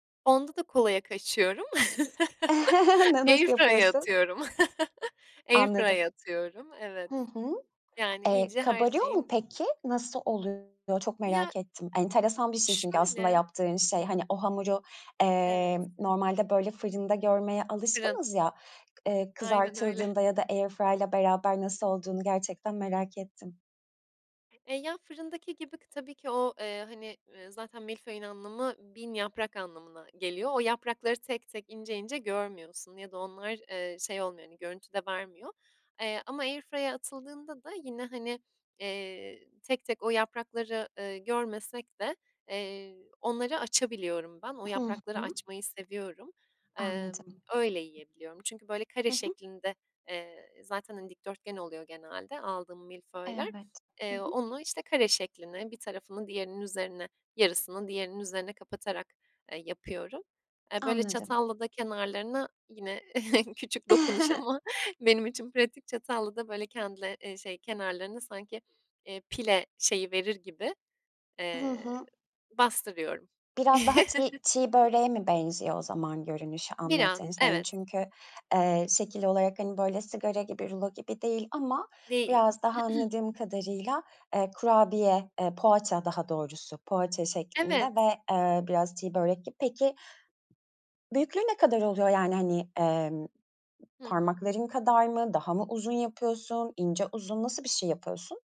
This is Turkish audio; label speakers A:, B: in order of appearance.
A: Onda da kolaya kaçıyorum.
B: Na
A: Air
B: nasıl
A: fryer'a
B: yapıyorsun?
A: atıyorum. Air
B: Anladım,
A: fryer'a atıyorum. Evet,
B: hı hı.
A: yani,
B: Eee,
A: iyice her
B: kabarıyor mu
A: şeyin
B: peki? Nasıl oluyor? Çok
A: Ya
B: merak ettim. Enteresan bir şey çünkü aslında
A: Şöyle
B: yaptığın şey. Hani, o hamuru, eee,
A: Evet.
B: normalde, böyle, fırında görmeye
A: Fırın.
B: alışkınız ya; k eee,
A: Aynen öyle.
B: kızartıldığında ya da air fryer'la beraber nasıl olduğunu gerçekten merak ettim.
A: Eee, ya, fırındaki gibi tabii ki o, eee, hani, eee, zaten milföyün anlamı 1.000 yaprak anlamına geliyor. O yaprakları tek tek, ince ince görmüyorsun ya da onlar, eee, şey olmuyor, hani, görüntü de vermiyor. Eee, ama air fryer'a atıldığında da yine, hani, eee, tek tek o yaprakları, eee, görmesek de, eee, onları açabiliyorum ben. O
B: Hı
A: yaprakları
B: hı.
A: açmayı seviyorum. Emm,
B: Anladım.
A: öyle yiyebiliyorum. Çünkü, böyle, kare
B: Hı hı.
A: şeklinde, eee, zaten, hani, dikdörtgen oluyor genelde aldığım milföyler.
B: Evet, hı
A: Eee,
B: hı.
A: onu, işte, kare şekline, bir tarafını diğerinin üzerine, yarısını diğerinin üzerine kapatarak, eee, yapıyorum. Eee, böyle,
B: Anladım.
A: çatalla da kenarlarına yine, küçük dokunuş ama benim için pratik, çatalla da, böyle, kendine eee, şey kenarlarına sanki, eee, pile şeyi verir gibi,
B: Hı
A: eee,
B: hı.
A: bastırıyorum.
B: Biraz daha çiğ çiğ böreğe mi benziyor o zaman görünüşü
A: Biraz,
B: anlattığın şeyin?
A: evet.
B: Çünkü, eee, şekil olarak, hani, böyle, sigara gibi, rulo gibi değil ama
A: Değil.
B: biraz daha, anladığım kadarıyla, eee, kurabiye, eee, poğaça daha doğrusu, poğaça şeklinde
A: Evet.
B: ve, eee, biraz çiğ börek gibi. Peki, büyüklüğü ne kadar oluyor? Yani, hani, eee,
A: Hı hı.
B: parmakların kadar mı, daha mı uzun yapıyorsun, ince uzun, nasıl bir şey yapıyorsun?